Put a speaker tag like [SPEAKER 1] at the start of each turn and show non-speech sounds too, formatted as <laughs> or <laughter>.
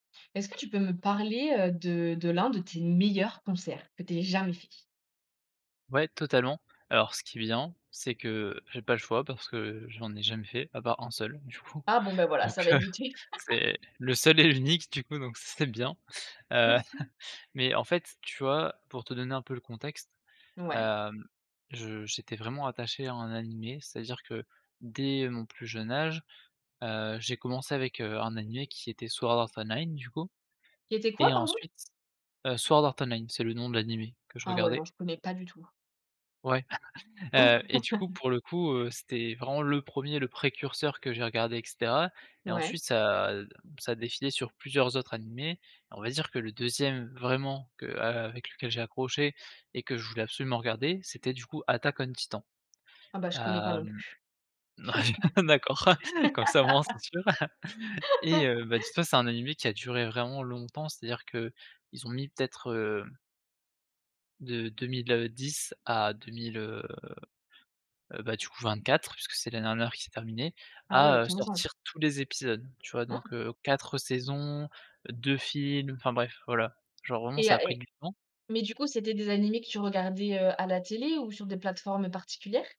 [SPEAKER 1] Est-ce que tu peux me parler, heu, de de l'un de tes meilleurs concerts que tu aies jamais fait?
[SPEAKER 2] Ouais, totalement, alors ce qui est bien, c'est que j'ai pas le choix parce que j'en ai jamais fait à part 1 seul, du coup,
[SPEAKER 1] Ah bon, ben, voilà,
[SPEAKER 2] donc
[SPEAKER 1] ça va être
[SPEAKER 2] heu,
[SPEAKER 1] vite fait. <laughs>
[SPEAKER 2] c'est le seul et l'unique, du coup donc c'est c'est bien. Heu,
[SPEAKER 1] <chuckles>
[SPEAKER 2] <chuckles> mais, en fait, tu vois, pour te donner un peu le contexte,
[SPEAKER 1] Ouais.
[SPEAKER 2] hem, je j'étais vraiment attaché à un animé, c'est-à-dire que dès mon plus jeune âge, heu, j'ai commencé avec, heu, un animé qui était Sword Art Online du coup
[SPEAKER 1] C'était quoi,
[SPEAKER 2] et
[SPEAKER 1] pardon?
[SPEAKER 2] ensuite heu, Sword Art Online c'est le nom de l'animé que je
[SPEAKER 1] Ah ouais,
[SPEAKER 2] regardais
[SPEAKER 1] non, je connais pas du tout.
[SPEAKER 2] ouais, <chuckles>
[SPEAKER 1] Ouais.
[SPEAKER 2] heu, et du coup,
[SPEAKER 1] <laughs>
[SPEAKER 2] pour le coup, heu, c'était vraiment le 1er, le précurseur que j'ai regardé et cetera et
[SPEAKER 1] Ouais.
[SPEAKER 2] ensuite ça, heu, ça a défilé sur plusieurs autres animés, on va dire que le 2e vraiment que a avec lequel j'ai accroché et que je voulais absolument regarder c'était, du coup, Attack On Titan.
[SPEAKER 1] Ah bah, je connais pas non
[SPEAKER 2] Hem,
[SPEAKER 1] plus.
[SPEAKER 2] <laughs> d'accord, comme ça au moins c'est sûr. <chuckles> Et heu, bah, tout
[SPEAKER 1] <laughs>
[SPEAKER 2] ça c'est un animé qui a duré vraiment longtemps, c'est-à-dire qu'ils ont mis peut-être, heu de 2010 à 2000, heu, heu, bah, du coup, 24 puisque c'est l'année dernière qu'il s'est terminé,
[SPEAKER 1] Ah ouais,
[SPEAKER 2] à, heu,
[SPEAKER 1] 15 ans.
[SPEAKER 2] sortir tous les épisodes. Tu vois? Donc,
[SPEAKER 1] Waouh!
[SPEAKER 2] heu, 4 saisons, 2 films, enfin bref, voilà, genre vraiment
[SPEAKER 1] Et
[SPEAKER 2] ça
[SPEAKER 1] heu
[SPEAKER 2] a pris
[SPEAKER 1] et
[SPEAKER 2] du temps
[SPEAKER 1] mais du coup, c'était des animés que tu regardais, heu, à la télé ou sur des plateformes particulières?